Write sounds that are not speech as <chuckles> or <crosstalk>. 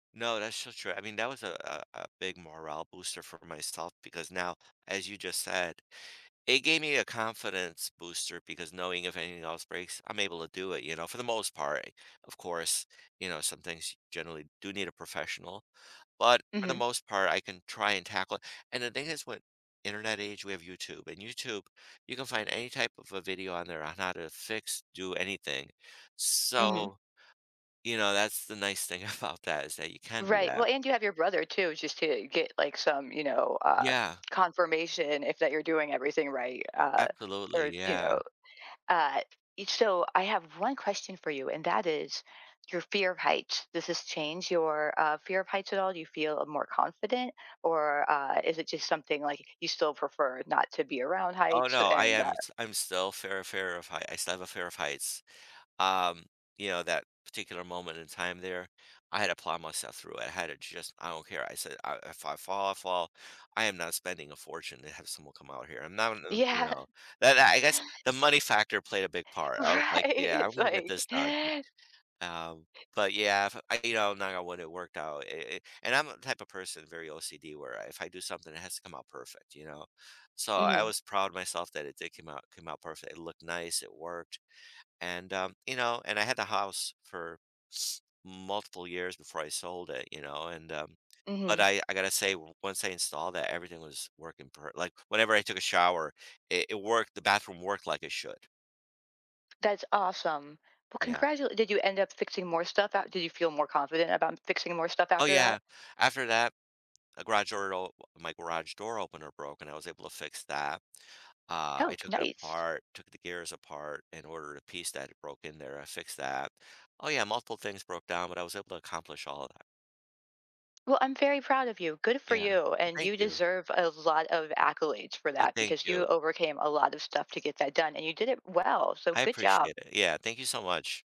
No, that's so true. I mean, that was a a a big morale booster for myself, because now, as you just said, it gave me a confidence booster because knowing if anything else breaks, I'm able to do it, you know, for the most part, eh, of course, you know, some things you generally do need a professional. But for the Mhm. most part, I can try and tackle it and the thing is with internet age, we have YouTube, and YouTube, you can find any type of a video on there on how to fix do anything. Mhm. So, you know, that's the nice thing about that is that you can do Right. that. Well, and you have your brother too, just to get like some, you know, uh, Yeah. confirmation if that you're doing everything right uh, Absolutely, or, you know, yeah. uh, e so, I have one question for you and that is: your fear of heights. Does this change your uh, fear of heights at all? Do you feel a more confident or uh, is it just something like you still prefer not to be around Oh, heights no, I and, uh am t I'm still fear fear of high I still have a fear of heights, um you know, that particular moment in time there, I had to plow myself through it. I had to just, I don't care, I said, uh, "If I fall, I fall. I am not spending a fortune to have someone come out here. I'm not not you Yeah. know," That that I guess the money factor played a big part. I was Right. like, "Yeah. I'm It's gonna get like this done." Um, <chuckles> but, yeah, if I you know, now it wouldn't worked out, i i and I'm the type of person, very OCD where I if I do something, it has to come out perfect, you know? So, I Mhm. was proud of myself that it did came out came out perfect. It looked nice, it worked. And um, you know, and I had the house for <sniffs> multiple years before I sold it, you know? And um, but Mhm. I I gotta say, once I installed that, everything was working per like, whenever I took a shower, it it worked. The bathroom worked like it should. That's awesome. Well, Yeah. congratul did you end up fixing more stuff out? Did you feel more confident about m fixing more stuff Oh, after that? yeah. After that, a garage door garage op my garage door opener broke, and I was able to fix that, uh, I Oh, took it nice. apart took the gears apart, in order to piece that It broke in there, I fixed that. Oh, yeah, multiple things broke down, but I was able to accomplish all of that. Well, I'm very proud of you. Good for Yeah, well you. And thank you you. deserve a lot of accolades for Uh, that, thank because you. you overcame a lot of stuff to get that done and you did it well. So I good job. appreciate it. Yeah. Thank you so much.